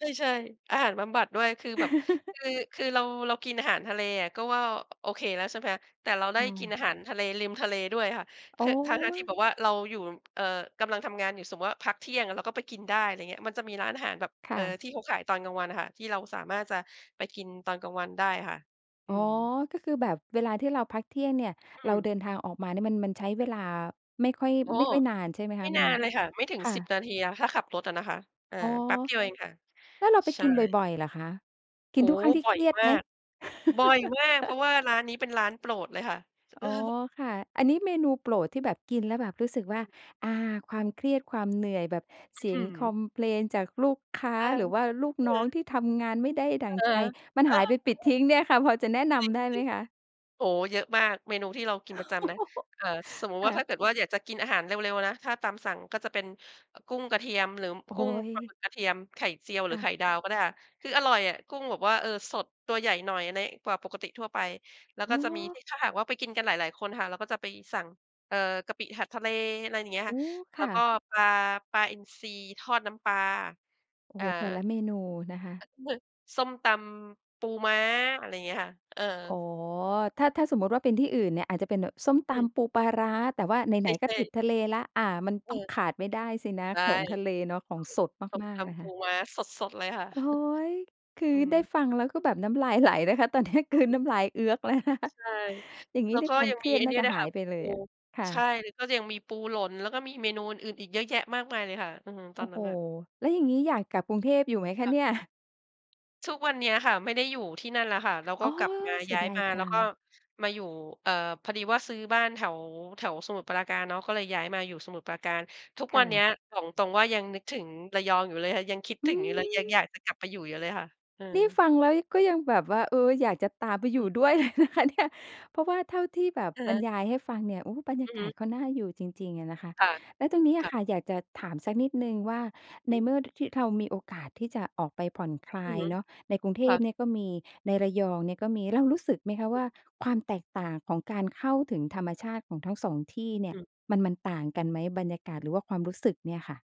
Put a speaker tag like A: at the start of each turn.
A: ใช่ ๆ อาหารบำบัดด้วย คือแบบ คือ คือเรา เรากินอาหารทะเลอะ ก็ว่าโอเคแล้วใช่ไหม แต่เราไ
B: ใช
A: ด้กิน
B: ่
A: อาหารทะเล ริมทะเลด้วยอะค่ะ
B: โ
A: ท
B: อ
A: ทั้ง ๆ ที่
B: ้
A: แบบว่าเราอยู่ เอ่อ กำลังทำงานอยู่ สมมุติว่าพักเที่ยงอะ เราก็ไปกินได้ อะไรเงี้ย มันจะมีร้านอาหารแบบ
B: ค
A: เ
B: ่
A: อ่อ
B: ะ
A: ที่เขาขายตอนกลางวันอะค่ะ ที่เราสามารถจะไปกินตอนกลางวันได้อะค่ะ อ
B: อ
A: ื
B: ๋อ
A: ม
B: ก็คือแบบเวลาที่เราพักเที่ยงเนี่ย
A: อ
B: เรา
A: ื
B: เ
A: ม
B: ดินทางออกมาเนี่ยมัน มันใช้เวลาไม่ค่อย
A: โอ้
B: ไม่
A: โฮ
B: ค่อยนาน ใช่ไหม
A: ไ
B: ค
A: ม่
B: ะ? ม
A: น
B: ั
A: า
B: น
A: นเลยค่ะ ไม่ถึง
B: ค่
A: 10
B: ะ
A: นาทีอะ ถ้าขับรถอะนะคะ อ่า
B: อ๋อ
A: แป๊บเดียวเองค่ะ
B: แล้วเราไป
A: ใช
B: กินบ
A: ่
B: ่อย ๆ เหรอคะ ก
A: โ
B: ิ
A: อ้
B: นทุ
A: โฮ
B: กครั้งที่
A: บ่
B: เค
A: อย
B: รียด
A: ม
B: ไ
A: า
B: หม?
A: ก บ่อยมาก เพราะว่าร้านนี้เป็นร้านโปรดเลยค่ะ
B: อ๋อ ค่ะ อันนี้เมนูโปรดที่แบบกินแล้วแบบรู้สึกว
A: อ
B: ่
A: ื
B: า
A: ม
B: อา ความเครียด ความเหนื่อย แบบ
A: อ
B: เส
A: ื้อ
B: ี
A: ฮ
B: ยง
A: ื
B: คอ
A: อ
B: มเพลนจากลูกค้า
A: เออ
B: หรือว่าลูก
A: อื
B: น
A: อ
B: ้
A: ฮ
B: อง
A: ึ
B: ที่ทำงานไม่ได้ดั
A: อ
B: ่
A: ะ
B: ง
A: ฮ
B: ใจ
A: ะ
B: มัน
A: เออ
B: หายไปปลิดท
A: อ
B: ิ้งเนี่ยค่ะ พอจะแนะน
A: จริง
B: ำได้ไหมคะ?
A: ๆ โอ้โฮ เยอะมาก เมนูที่เรากินประจำนะ เอ่อ สมมุติ
B: ค
A: ว่
B: ่
A: า ถ
B: ะ
A: ้าเกิดว่าอยากจะกินอาหารเร็ว ๆ นะ ถ้าตามสั่งก็จะเป็น อ กุ้งกระเทียม หรือ
B: โอ้
A: ก
B: โ
A: ุ้ง ปลาห
B: ฮ
A: มึกกระเทียม ไข่เจียว ห
B: ค
A: รื
B: ่
A: อไข
B: ะ
A: ่ดาวก็ได้ค่ะ คืออร่อยอะ กุ้งแบบว่า เออ สด ตัวใหญ่หน่อยใน กว่าปกติทั่วไป แล้ว
B: อ
A: ก
B: ๋
A: ็จะมีท
B: อ
A: ี่ ถ้าหากว่าไปกินกันหลาย ๆ คนอะค่ะ เราก็จะไปสั่ง เอ่อ กะปิผัดทะเล อะไร อย่างเงี้ย
B: โ
A: ค
B: อ
A: ่ะ
B: ้
A: แ
B: ค
A: ล้
B: ่
A: วก
B: ะ
A: ็ปลา ปลาอินทรีทอดน้ำปลา
B: โอ้
A: อ
B: โ
A: ่
B: ฮ
A: า
B: แต่ละเมนูนะคะ
A: นึก ส้มตำปูม้า อะไรอย่างเงี้ยค่ะ เออ
B: อ๋อ ถ้า ถ้าสมมุติว่าเป็นที่อื่นเนี่ย อาจจะเป็นส้มต
A: อืม
B: ำปูปลาร้า แต่ว่าไ
A: ใ
B: หน ๆ ก็
A: ช่
B: ติด
A: ๆ
B: ทะเลแล้ว อา มัน
A: เ
B: ต้อง
A: ออ
B: ขาดไม่ได้สินะ
A: ใช่
B: ของทะเลเนาะ ของสด
A: ถูก
B: มา
A: ส
B: ก
A: ้มต
B: ๆ นะ
A: ำป
B: ค
A: ู
B: ะ
A: ม้าสด ๆ เลยค่ะ
B: โอ้โฮ คือ
A: อืม
B: ได้ฟังแล้วก็แบบน้ำลายไหลนะคะ ตอนนี้กลื
A: อ
B: น
A: ืม
B: น้ำลายเอื๊อก แล้วนะคะ
A: ใช่
B: อย่างงี
A: แ
B: ้
A: ล้ว
B: นี่
A: ก็
B: ควา
A: ย
B: ม
A: ัง
B: เค
A: ม
B: ร
A: ี
B: ีย
A: ไ
B: ด
A: อ้
B: น่
A: นี
B: า
A: ่
B: จะ
A: ด้วย
B: หา
A: ค่
B: ย
A: ะ
B: ไปเล
A: ปู
B: ยอะ ค่
A: ใช
B: ะ
A: ่ แล้วก็ยังมีปูหลน แล้วก็มีเมนูอื่น ๆ อีกเยอะแยะมากมายเลยค่ะ อือ ต
B: โ
A: อ
B: อ
A: น
B: ้
A: น
B: โ
A: ั
B: ฮ
A: ้นน่ะ
B: แล้วอย่างงี้อยากกลับกรุงเทพอยู่ไหมคะ
A: ค่ะ
B: เนี่ย?
A: ทุกวันเนี้ยค่ะไม่ได้อยู่ที่นั่นแล้วค่ะ แล้วก
B: อ
A: ็
B: ๋อ
A: กลับมา
B: เสี
A: ย
B: ย
A: ้าย
B: ดา
A: ม
B: ย
A: า
B: จ
A: แล
B: ั
A: ้วก็
B: ง
A: มาอยู่ เอ่อ พอดีว่าซื้อบ้านแถว แถวสมุทรปราการเนาะ ก็เลยย้ายมาอยู่สมุทรปราการ ทุก
B: ค
A: ว
B: ่
A: ันเนี้
B: ะ
A: ยบอกตรง ๆ ว่า ยังนึกถึงระยองอยู่เลยค่ะ ยังคิด
B: อ
A: ถ
B: ื
A: ึงอยู่เลย ยัง
B: อ
A: อยากจะกลับไปอยู่อยู่เลยค่ะ อื
B: น
A: ม
B: ี่ฟังแล้ว ย ก็ยังแบบว่า เออ อยากจะตามไปอ
A: อ
B: ย
A: ื
B: ู่ด้
A: ม
B: วย เลยนะคะเนี่ย เพราะว่าเท่าที่แบบ
A: อะ
B: บ
A: ฮ
B: ร
A: ะ
B: รยายให้ฟังเนี่ย โอ้ บรรย
A: อื
B: า
A: อฮ
B: กา
A: ึ
B: ศเขาน่าอยู่จริง ๆ อะนะคะ
A: ค่ะ
B: แล้วตรงนี้อ
A: ค
B: ะ
A: ่ะ
B: ค่ะ อยากจะถามสักนิดหนึ่งว่า ใน
A: หือ
B: เมื่อ ท ที่เรามีโอกาสที่จะออกไปผ่อนคล
A: อื
B: า
A: อ
B: ย
A: ฮึ
B: เนาะ ในกรุงเท
A: ค่
B: พ
A: ะ
B: เนี่ยก็มี ในระยองเนี่ยก็มี เรารู้สึกไหมคะ
A: อ
B: ว
A: ืม
B: ่าความแตกต่างของการเข้าถึงธรรมชาติของทั้ง 2 ที่เนี่
A: อ
B: ย
A: ืม
B: มัน มันต่างกันไหม บรรยากาศ หรือว่าความรู้สึกเนี่ยค่ะ?